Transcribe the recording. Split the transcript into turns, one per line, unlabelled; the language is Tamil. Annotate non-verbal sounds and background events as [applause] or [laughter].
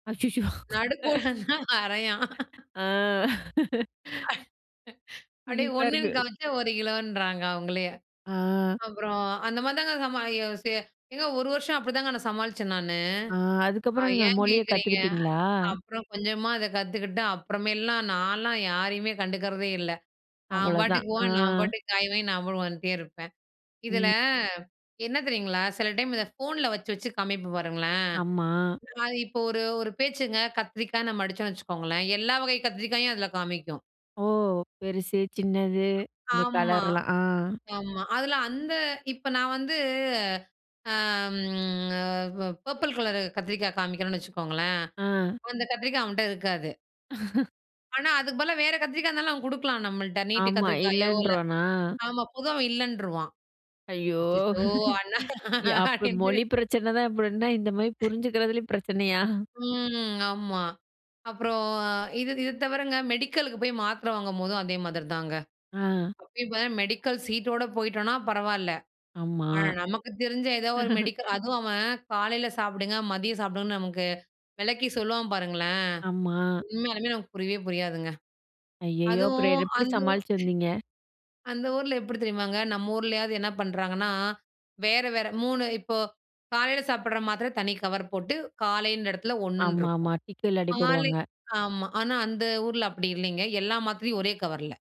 அச்சச்சோ!
நடுக்கோடெல்லாம வரையான்.
ஆ. [laughs]
[laughs] அப்படியே
சிரிப்பா
1னு
இருக்கு.
காமிச்சா 1 கிலோன்றாங்க அவங்களே.
ஆ.
அப்புறம் அந்த மாதிரி தாங்க சமா ஏங்க 1 வருஷம் அப்படிதாங்க நான் சமாளிச்சேன் நானு.
ஆ. அதுக்கப்புறம் நீங்க
ஏன்
மொழிய
கேட்குறீங்க?
கத்துக்கிட்டீங்களா?
அப்புறம் கொஞ்சமா அத கத்துக்கிட்டு அப்புறமேலாம் நான்லாம் யாரையுமே கண்டுக்கிறதே இல்ல. நான்
அவ்ளோதான்.
பாட்டுக்கு போன நான்
ஆ.
பாட்டுக்கு காய்வாங்கி, நான் பாட்டுக்கு வந்துட்டே இருப்பேன். இதில
ம்.
என்ன தெரியுங்களா? சில டைம் இத ஃபோன்ல வச்சு, வச்சு காமிப்பேன் பாருங்களேன்.
ஆமா.
இப்போ ஒரு ஒரு பேச்சுங்க கத்திரிக்காய் நம்ம அடிச்சோம்னு வச்சுக்கோங்களேன். எல்லா வகை கத்திரிக்காயும் அதில காமிக்கும்.
ஓ! பெருசு, சின்னது. இந்த
ஆமா.
கலர்லாம். ஆ.
ஆமா. அதுல அந்த இப்போ நான் வந்து அம் அ பர்பிள் கலர் கத்திரிக்காய் காமிக்கணும்னு வச்சுக்கோங்களேன்.
ஆ.
அந்த கத்திரிக்காய் அவன்ட்ட இருக்காது.
[laughs]
ஆனா, அதுக்கு பதிலா வேற கத்திரிக்காய் இருந்தாலும் அவன் கொடுக்கலாம் நம்மள்ட்ட. நீட்ட
ஆமா.
கத்திரிக்காயோ இல்ல
இல்லைன்றானா?
ஆமா. பொதுவா இல்லன்றுவான்.
ஐயோ!
அச்சச்சோ அண்ணா
[laughs] யா அப்டி
அப்டீன்ட்டு.
மொழி பிரச்சன தான் இப்டின்னா, இந்த மாரி புரிஞ்சுக்கிறதுலயும் பிரச்சனையா?
ம். ஆமா. அப்புறம் இது இத தவிரங்க மெடிக்கலுக்கு போய் மாத்திரை வாங்கும்போதும் அதே மாதிரி தாங்க.
ஆ.
இப்ப மெடிக்கல் சீட்டோட போயிட்டோம்னா, பரவால்ல.
ஆமா.
ஆனா நமக்கு தெரிஞ்ச ஏதோ ஒரு
[laughs]
மெடிக்கல் அதுவும் அவன் காலையில சாப்பிடுங்க. மதியம் சாப்பிடுங்கன்னு நமக்கு விளக்கி சொல்லுவான் பாருங்களேன்.
ஆமா.
உண்மையாலுமே நமக்கு புரியவே புரியாதுங்க.
ஐயயோ! அப்புறம்
அதுவும்
எப்படி
அந்த ஊர்
சமாளிச்சு வந்தீங்க?
அந்த ஊர்ல எப்படி தெரியுமாங்க? நம்ம ஊர்லயாவது என்ன பண்ணுறாங்கன்னா, வேற வேற 3 இப்போ காலையில சாப்பிடற மாத்திரை தனி கவர் போட்டு காலைன்ற இடத்துல 1 ன்னு இருக்கும்.
ஆமாமா. டிக்கில்லாட்டி
மாலை
போடுவாங்க.
ஆமா, ஆனா அந்த ஊர்ல அப்படி இல்லைங்க. எல்லா மாத்திரையும் ஒரே கவர்ல.